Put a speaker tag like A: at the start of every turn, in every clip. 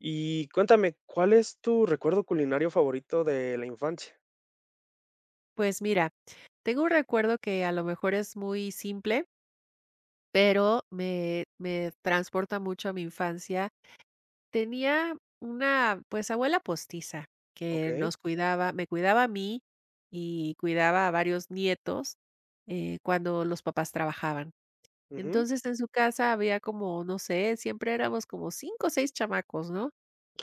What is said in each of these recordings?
A: Y cuéntame, ¿cuál es tu recuerdo culinario favorito de la infancia?
B: Pues mira, tengo un recuerdo que a lo mejor es muy simple. Pero me me transporta mucho a mi infancia. Tenía una, pues, abuela postiza que
A: Okey.
B: nos cuidaba, me cuidaba a mí y cuidaba a varios nietos, eh, cuando los papás trabajaban.
A: Ujú.
B: Entonces en su casa había como, no sé, siempre éramos como 5 o 6 chamacos, ¿no?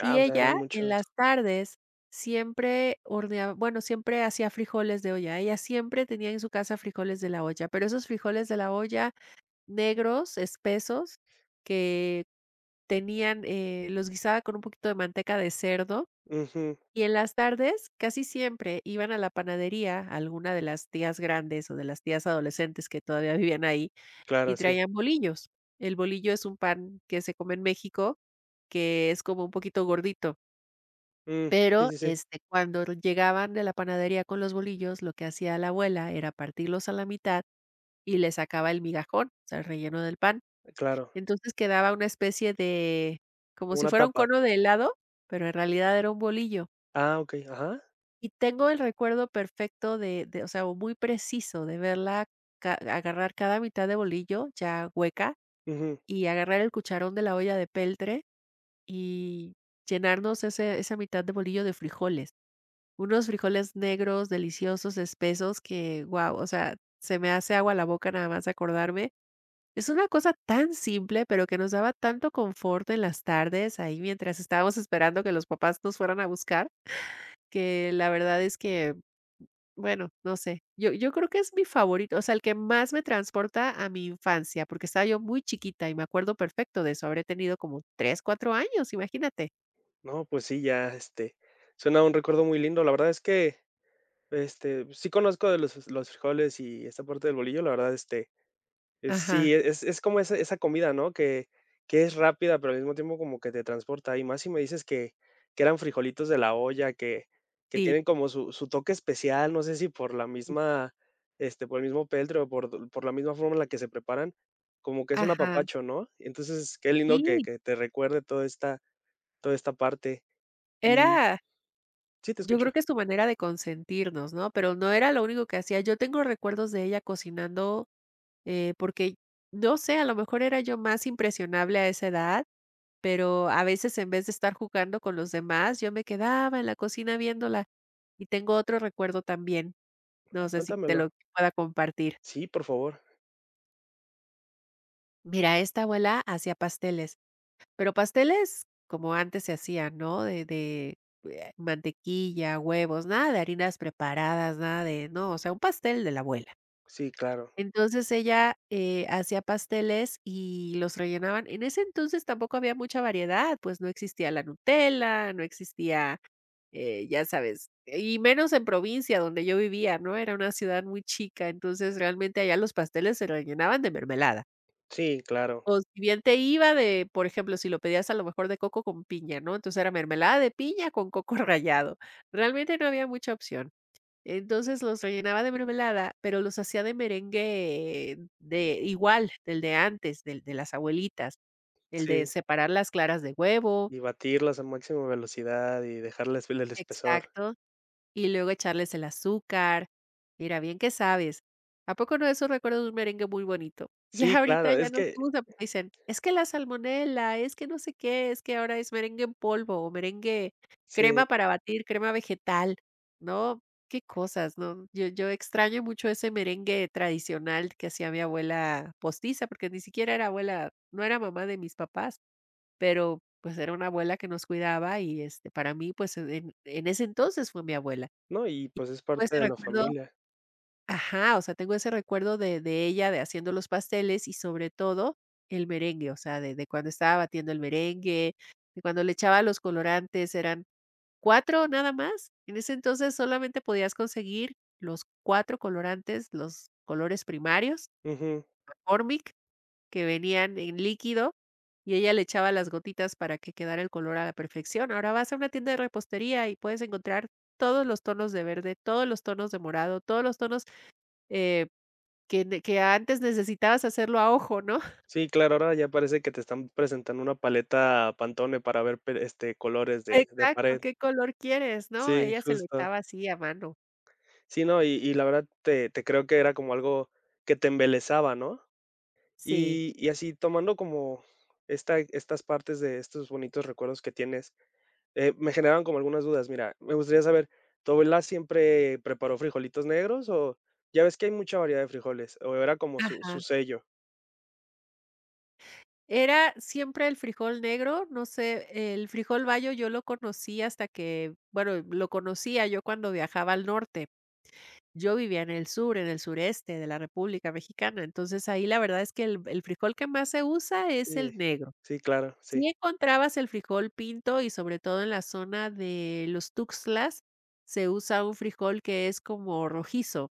A: Ah, o sea, eran
B: ella en
A: muchos.
B: las tardes siempre, hornea bueno, siempre hacía frijoles de olla. Ella siempre tenía en su casa frijoles de la olla, pero esos frijoles de la olla negros, espesos, que tenían, eh, los guisaba con un poquito de manteca de cerdo,
A: Ujú.
B: y en las tardes casi siempre iban a la panadería alguna de las tías grandes o de las tías adolescentes que todavía vivían ahí y
A: Claro, sí.
B: traían bolillos. El bolillo es un pan que se come en México, que es como un poquito gordito.
A: Mm, sí,
B: Pero,
A: sí, sí.
B: este, cuando llegaban de la panadería con los bolillos, lo que hacía la abuela era partirlos a la mitad y le sacaba el migajón, o sea, relleno del pan.
A: Claro.
B: Entonces quedaba una especie de como si
A: Una
B: fuera un
A: tapa.
B: cono de helado, pero en realidad era un bolillo.
A: Ah, okey. Ajá.
B: Y tengo el recuerdo perfecto de de, o sea, o muy preciso de verla, ca agarrar cada mitad de bolillo ya hueca
A: Ujú.
B: y agarrar el cucharón de la olla de peltre y llenarnos ese esa mitad de bolillo de frijoles. Unos frijoles negros, deliciosos, espesos, que, wao, o sea, se me hace agua la boca nada más de acordarme. Es una cosa tan simple, pero que nos daba tanto confort en las tardes ahí mientras estábamos esperando que los papás nos fueran a buscar, que la verdad es que, bueno no sé. Yo yo creo que es mi favorito, o sea, el que más me transporta a mi infancia, porque estaba yo muy chiquita y me acuerdo perfecto de eso. Habré tenido como 3, 4 años, imagínate.
A: No, pues sí, ya, este, suena un recuerdo muy lindo. La verdad es que este, sí conozco de los los frijoles y esta parte del bolillo, la verdad, este,
B: Ajá.
A: sí, es es como ese esa comida, ¿no? Que, que es rápida, pero al mismo tiempo como que te transporta. Y más si me dices que que eran frijolitos de la olla, que que
B: Sí.
A: tienen como su su toque especial, no sé si por la misma este, por el mismo peltre por por la misma forma en la que se preparan, como que es un
B: Ajá.
A: apapacho, ¿no? Entonces, qué lindo que
B: Sí.
A: que te recuerde toda esta toda esta parte, y
B: Era
A: Sí, te
B: Yo
A: escucho.
B: creo que es su manera de consentirnos, ¿no? Pero no era lo único que hacía, yo tengo recuerdos de ella cocinando, eh, porque, no sé, a lo mejor era yo más impresionable a esa edad, pero a veces, en vez de estar jugando con los demás, yo me quedaba en la cocina viéndola. Y tengo otro recuerdo también. No sé si te
A: Cuéntamelo.
B: lo pueda compartir.
A: Sí, por favor.
B: Mira, esta abuela hacía pasteles. Pero pasteles como antes se hacían, ¿no? De de mantequilla, huevos, nada de harinas preparadas, nada de no, o sea un pastel de la abuela.
A: Sí, claro.
B: Entonces ella, eh, hacía pasteles y los rellenaban. En ese entonces tampoco había mucha variedad, pues no existía la Nutella, no existía, eh, ya sabes, y menos en provincia donde yo vivía, ¿no? Era una ciudad muy chica, entonces, realmente, allá los pasteles se rellenaban de mermelada.
A: Sí, claro.
B: O si bien te iba de, por ejemplo, si lo pedías a lo mejor de coco con piña, ¿no? Entonces, era mermelada de piña con coco rallado. Realmente no había mucha opción. Entonces, los rellenaba de mermelada, pero los hacía de merengue de igual del de antes, del de las abuelitas, el de
A: Sí.
B: separar las claras de huevo.
A: Y batirlas a máxima velocidad y dejarle [unintelligible] el espesor.
B: Exacto, y luego echarles el azúcar. Mira, bien que sabes. ¿A poco no de eso recuerdas un merengue muy bonito?
A: Sí,
B: Ya ahorita
A: claro,
B: ya
A: es
B: no
A: que
B: hacemos, dicen: "Es que la salmonela, es que no sé qué, es que ahora es merengue en polvo o merengue,
A: Sí.
B: crema para batir, crema vegetal". ¿No? Qué cosas, ¿no? Yo yo extraño mucho ese merengue tradicional que hacía mi abuela postiza, porque ni siquiera era abuela, no era mamá de mis papás. Pero, pues, era una abuela que nos cuidaba y, este, para mí, pues, en en ese entonces fue mi abuela. Y
A: No, y pues es
B: todo
A: parte
B: ese
A: de la
B: recuerdo
A: familia.
B: ajá, o sea, tengo ese recuerdo de de ella de haciendo los pasteles y, sobre todo, el merengue, o sea, de de cuando estaba batiendo el merengue, de cuando le echaba los colorantes, eran 4 nada más. En ese entonces solamente podías conseguir los 4 colorantes, los colores primarios.
A: Ujú.
B: McCormick, que venían en líquido y ella le echaba las gotitas para que quedara el color a la perfección. Ahora vas a una tienda de repostería y puedes encontrar todos los tonos de verde, todos los tonos de morado, todos los tonos, eh, que que antes necesitabas hacerlo a ojo, ¿no?
A: Sí, claro, ahora ya parece que te están presentando una paleta Pantone para ver, per este, colores de de
B: Exacto:
A: pared.
B: "¿Qué color quieres, no?".
A: Sí,
B: Ella se lo
A: justo.
B: echaba así a mano.
A: Sí, no, y y la verdad te te creo que era como algo que te embelesaba, ¿no?,
B: Sí.
A: y y así tomando como esta estas partes de estos bonitos recuerdos que tienes, eh, me generaron como algunas dudas. Mira, me gustaría saber, ¿tu abuela siempre preparó frijolitos negros o ya ves que hay mucha variedad de frijoles, o era como su su
B: Ajá.
A: sello?
B: Era siempre el frijol negro, no sé, el frijol bayo yo lo conocí hasta que, bueno, lo conocía yo cuando viajaba al norte. Yo vivía en el sur, en el sureste de la República Mexicana, entonces ahí la verdad es que el el frijol que más se usa es el
A: Sí.
B: negro.
A: Sí, claro, sí.
B: Sí encontrabas el frijol pinto y, sobre todo, en la zona de los Tuxtlas, se usa un frijol que es como rojizo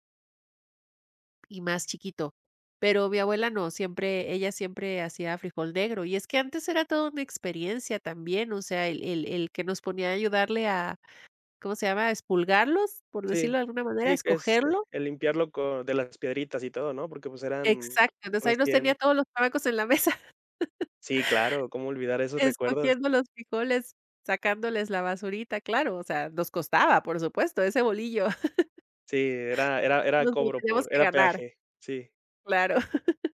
B: Y más chiquito. Pero mi abuela no, siempre, ella siempre hacía frijol negro y es que antes era toda una experiencia también, o sea, el el el que nos ponía a ayudarle a, ¿cómo se llama?, a expurgarlos, por
A: Sí,
B: decirlo de alguna manera,
A: sí, este,
B: ¿escogerlo?
A: el limpiarlo con de las piedritas y todo, ¿no?, porque, pues, eran
B: Exacto, entonces ahí nos tenía
A: recién
B: todos los chamacos en la mesa.
A: Sí, claro, cómo olvidar esos recuerdos.
B: Escogiendo los frijoles, sacándoles la basurita, claro, o sea, nos costaba, por supuesto, ese bolillo.
A: Sí, era era era
B: Nos lo
A: cobro
B: teníamos
A: por
B: que
A: era
B: ganar.
A: peaje, sí.
B: Claro.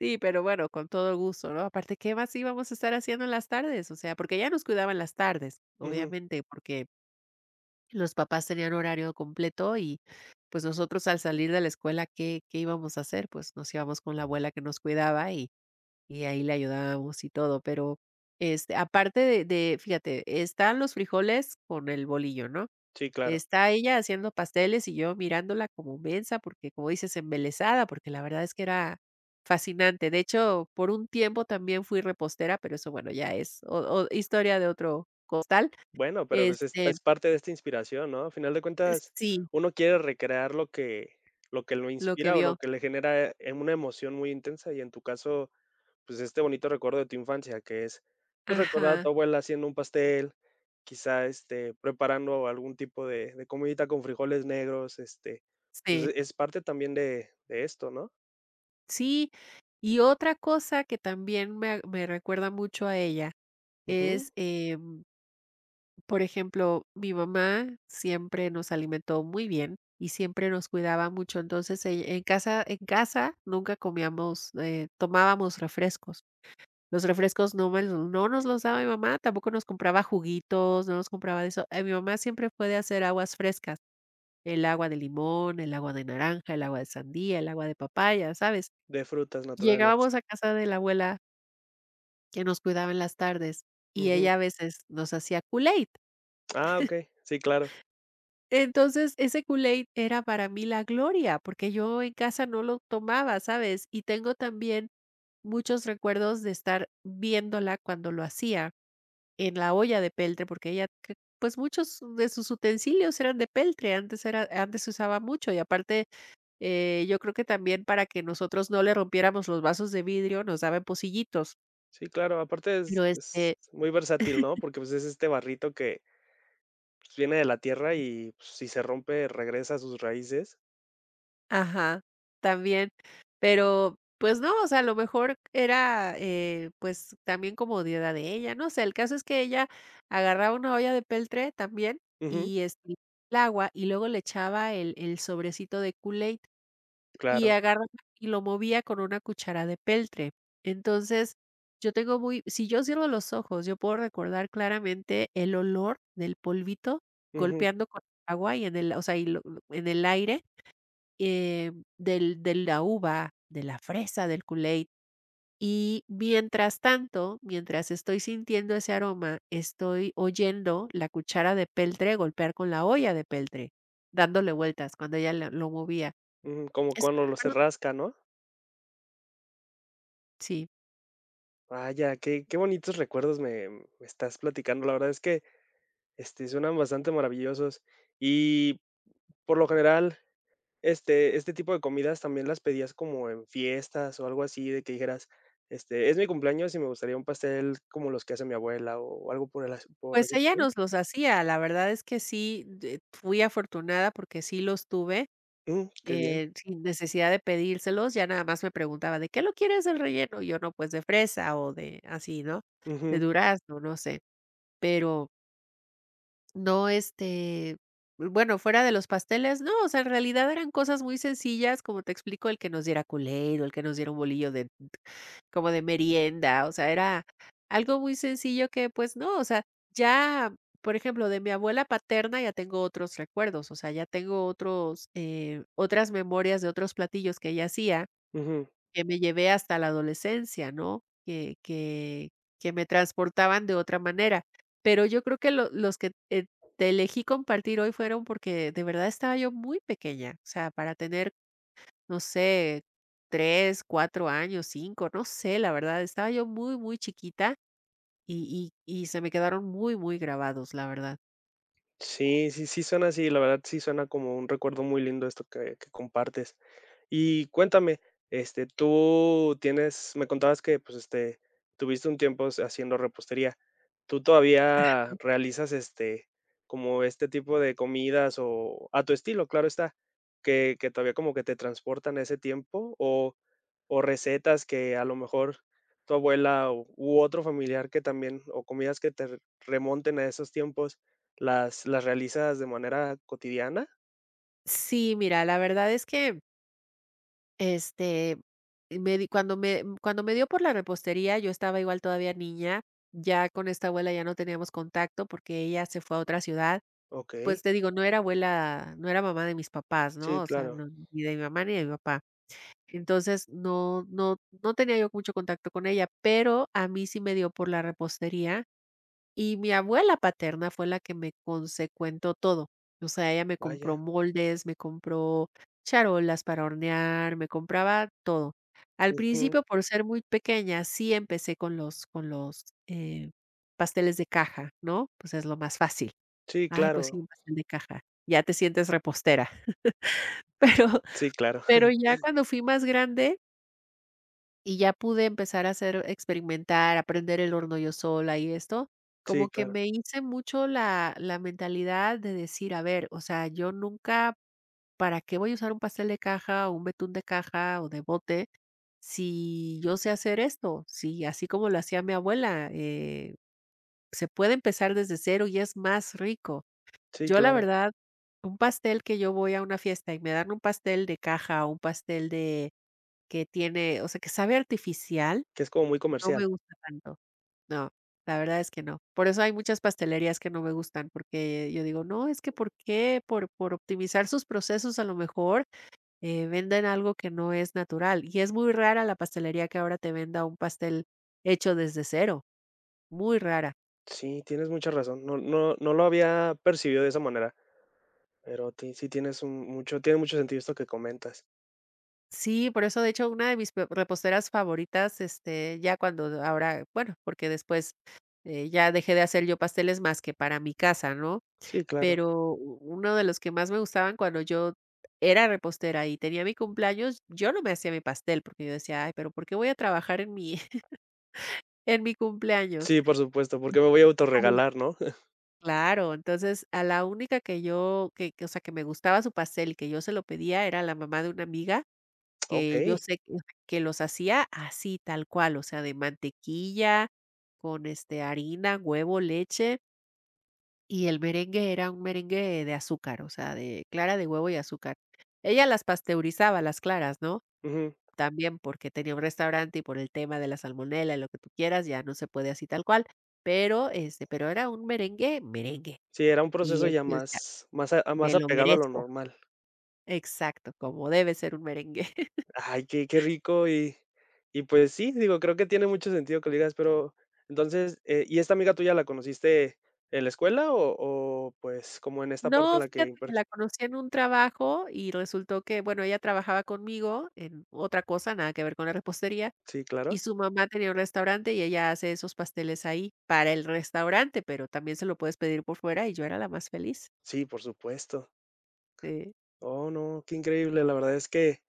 B: Sí, pero bueno, con todo gusto, ¿no?, aparte, ¿qué más íbamos a estar haciendo en las tardes? O sea, porque ella nos cuidaba en las tardes,
A: Ujú.
B: obviamente, porque los papás tenían horario completo y, pues, nosotros al salir de la escuela, ¿qué qué íbamos a hacer? Pues nos íbamos con la abuela, que nos cuidaba y y ahí le ayudábamos y todo. Pero, este, aparte de de fíjate, están los frijoles con el bolillo, ¿no?,
A: Sí, claro.
B: está ella haciendo pasteles y yo mirándola como mensa porque, como dices, embelesada, porque la verdad es que era fascinante. De hecho, por un tiempo también fui repostera, pero eso, bueno, ya es o o historia de otro costal
A: Bueno, pero, pues, es
B: este
A: es parte de esta inspiración, ¿no?, a final de
B: Eh,
A: cuentas,
B: sí.
A: uno quiere recrear lo que lo que lo
B: Lo que
A: inspira o lo
B: vio.
A: que le genera, eh, una emoción muy intensa, y en tu caso, pues, este bonito recuerdo de tu infancia, que es, pues, recordar a
B: Ajá.
A: tu abuela haciendo un pastel, quizá, este, preparando algún tipo de de comidita con frijoles negros, este, pues
B: Sí.
A: es parte también de de esto, ¿no?
B: Sí, y otra cosa que también me me recuerda mucho a ella es,
A: Ujú.
B: em por ejemplo, mi mamá siempre nos alimentó muy bien y siempre nos cuidaba mucho. Entonces, ell en casa en casa, nunca comíamos, eh, tomábamos refrescos. Los refrescos no me l no nos los daba mi mamá, tampoco nos compraba juguitos, no nos compraba de eso. Eh, mi mamá siempre puede hacer aguas frescas. El agua de limón, el agua de naranja, el agua de sandía, el agua de papaya, ¿sabes?
A: De frutas naturales.
B: Llegábamos a casa de la abuela que nos cuidaba en las tardes. Y
A: Ujú.
B: ella a veces, nos hacía Kool-Aid.
A: Ah, okey. Sí, claro.
B: Entonces ese Kool-Aid, era para mí la gloria, porque yo en casa no lo tomaba, ¿sabes? Y tengo también muchos recuerdos de estar viéndola, cuando lo hacía en la olla de peltre. Porque ella cre pues muchos de sus utensilios eran de peltre. Antes era antes se usaba mucho y aparte, eh, yo creo que también para que nosotros no le rompiéramos los vasos de vidrio, nos daba en pocillitos.
A: Sí, claro, aparte es
B: Pero,
A: es
B: este.
A: muy versátil, ¿no? Porque, pues, es este barrito que, pues, viene de la tierra y, pues, si se rompe, regresa a sus raíces
B: Ajá, también, pero, pues, no, o sea, a lo mejor era, eh, pues también comodidad de ella, no sé, el caso es que ella agarraba una olla de peltre también,
A: Ujú.
B: y [unintelligible] el agua, y luego le echaba el el sobrecito de Kool-Aid y
A: Claro.
B: agarraba y lo movía con una cuchara de peltre. Entonces yo tengo muy, si yo cierro los ojos, yo puedo recordar claramente el olor del polvito
A: Ujú.
B: golpeando con el agua y en el, o sea, y lo en el aire, eh, mm, del de la uva, de la fresa, del Kool-Aid. Y mientras tanto, mientras estoy sintiendo ese aroma, estoy oyendo la cuchara de peltre golpear con la olla de peltre, dándole vueltas cuando ella el lo movía.
A: Mm, como
B: Ese
A: cuando lo se
B: recuerdo
A: rasca, ¿no?
B: Sí.
A: Vaya, qué qué bonitos recuerdos me me estás platicando. La verdad es que, este, suenan bastante maravillosos. Y, por lo general, ¿este este tipo de comidas también las pedías como en fiestas o algo así, de que dijeras, este: "Es mi cumpleaños y me gustaría un pastel como los que hace mi abuela", o algo ¿por las, por la
B: Pues ella
A: situación?
B: nos los hacía, la verdad es que sí, eh, fui afortunada porque sí los tuve,
A: Um, qué bien.
B: eh, sin necesidad de pedírselos, ya nada más me preguntaba: "¿De qué lo quieres el relleno?". Y yo: "No, pues, de fresa", o de así, ¿no? De
A: Ujú.
B: durazno, no sé. Pero No, este, bueno, fuera de los pasteles, no, o sea, en realidad eran cosas muy sencillas, como te explico, el que nos diera Kool-Aid, o el que nos diera un bolillo de p como de merienda, o sea, era algo muy sencillo que, pues, no, o sea, ya, por ejemplo, de mi abuela paterna, ya tengo otros recuerdos, o sea, ya tengo otros, eh, otras memorias de otros platillos que ella hacía,
A: Ujú.
B: que me llevé hasta la adolescencia, ¿no?, que que, que me transportaban de otra manera. Pero yo creo que lo los que te elegí compartir hoy fueron porque de verdad estaba yo muy pequeña, o sea, para tener, no sé, 3, 4 años, 5, no sé, la verdad, estaba yo muy, muy chiquita y y y se me quedaron muy, muy grabados, la verdad.
A: Sí, sí, sí suena así, la verdad sí suena como un recuerdo muy lindo esto esto que que compartes. Y cuéntame, este, tú tienes, me contabas que, pues, este, tuviste un tiempo haciendo repostería. ¿Tú
B: Ajá.
A: todavía realizas este, como este tipo de comidas o a tu estilo, claro está? Que que todavía como que te transportan a ese tiempo o o recetas que a lo mejor tu abuela u otro familiar, que también, o comidas que te remonten a esos tiempos, ¿las las realizas de manera cotidiana?
B: Sí, mira, la verdad es que este me di cuando me cuando me dio por la repostería, yo estaba igual, todavía niña. Ya con esta abuela ya no teníamos contacto porque ella se fue a otra ciudad. Pues
A: Okey.
B: te digo, no era abuela, no era mamá de mis papás, ¿no?
A: Sí,
B: O sea,
A: claro.
B: ni de mi mamá ni de mi papá. Entonces no no no tenía yo mucho contacto con ella, pero a mí sí me dio por la repostería y mi abuela paterna fue la que me consecuentó todo. O sea, ella me compró
A: Vaya.
B: moldes, me compró charolas para hornear, me compraba todo. Al
A: Ujú.
B: principio, por ser muy pequeña, sí empecé con los con los, eh, pasteles de caja, ¿no? Pues es lo más fácil.
A: Sí,
B: Ay, pues sí,
A: claro.
B: un pastel de caja. Ya te sientes repostera. Pero
A: Sí, claro.
B: pero ya cuando fui más grande y ya pude empezar a hacer, experimentar, a prender el horno yo sola y esto, como
A: Sí,
B: que
A: claro.
B: me hice mucho la la mentalidad de decir: "A ver, o sea, yo nunca, ¿para qué voy a usar un pastel de caja o un betún de caja o de bote si yo sé hacer esto?". Sí, así como lo hacía mi abuela, eh, se puede empezar desde cero y es más rico.
A: Sí,
B: Yo, la
A: claro.
B: verdad, un pastel que yo voy a una fiesta y me dan un pastel de caja o un pastel de que tiene, o sea, que sabe artificial.
A: Que es como muy
B: No me
A: comercial.
B: gusta tanto. No, la verdad es que no. Por eso hay muchas pastelerías que no me gustan, porque yo digo: "No, es que ¿por qué, por por optimizar sus procesos, a lo mejor, eh, venden algo que no es natural?". Y es muy rara la pastelería que ahora te venda un pastel hecho desde cero, muy rara.
A: Sí, tienes mucha razón, no no no lo había percibido de esa manera, pero ti sí tienes un mucho tiene mucho sentido esto que comentas.
B: Sí, por eso, de hecho, una de mis pe reposteras favoritas, este, ya cuando ahora, bueno, porque después, eh, ya dejé de hacer yo pasteles más que para mi casa, ¿no?,
A: Sí, claro.
B: pero u uno de los que más me gustaban cuando yo era repostera y tenía mi cumpleaños, yo no me hacía mi pastel, porque yo decía: "Ay, pero, ¿por qué voy a trabajar en mi, en mi cumpleaños?".
A: Sí, por supuesto, ¿por qué me voy a
B: [unintelligible]
A: autorregalar, no?
B: claro entonces a la única que yo que que, o sea, que me gustaba su pastel que yo se lo pedía era la mamá de una amiga que yo
A: Okey.
B: sé que que los hacía así tal cual, o sea, de mantequilla con, este, harina, huevo, leche y el merengue era un merengue de azúcar, o sea, de clara de huevo y azúcar. Ella las pasteurizaba las claras, ¿no?,
A: Ujú.
B: yambién porque tenía un restaurante y por el tema de la salmonela, lo que tú quieras, ya no se puede así tal cual, pero, este, pero era un merengue, merengue.
A: Sí, era un
B: Y
A: proceso ya
B: este, [unintelligible]
A: más más a
B: me
A: más
B: lo
A: apegado a lo
B: merezco.
A: normal.
B: Exacto, como debe ser un merengue.
A: Ay, qué qué rico, y y pues sí, digo, creo que tiene mucho sentido que le digas, pero entonces, ¿y esta amiga tuya la conociste en la escuela o o, pues, cómo, en esta parte
B: No,
A: en la
B: fíjate
A: que?
B: que
A: [unintelligible]
B: la conocí en un trabajo y resultó que, bueno, ella trabajaba conmigo en otra cosa, nada que ver con la repostería
A: Sí,
B: y
A: claro.
B: su mamá tenía un restaurante y ella hace esos pasteles ahí para el restaurante, pero también se lo puedes pedir por fuera y yo era la más feliz.
A: Sí, por supuesto.
B: Sí.
A: Oh, no, qué increíble. La verdad es que,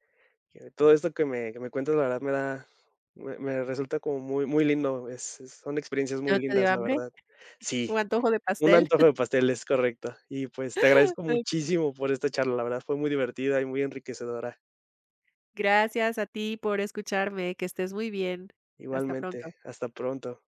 A: que todo esto que me que me cuentas, la verdad, me da, me me resulta como muy muy lindo. Es es son experiencias
B: ¿Y
A: muy
B: no te dio
A: lindas, la
B: hambre?
A: verdad. Sí,
B: ¿Un antojo de
A: un
B: pastel?
A: antojo de pastel, es correcto. Y, pues, te agradezco
B: Okey.
A: muchísimo por esta charla, la verdad, fue muy divertida y muy enriquecedora.
B: Gracias a ti por escucharme, que estés muy bien. Hasta pronto.
A: Igualmente, hasta pronto.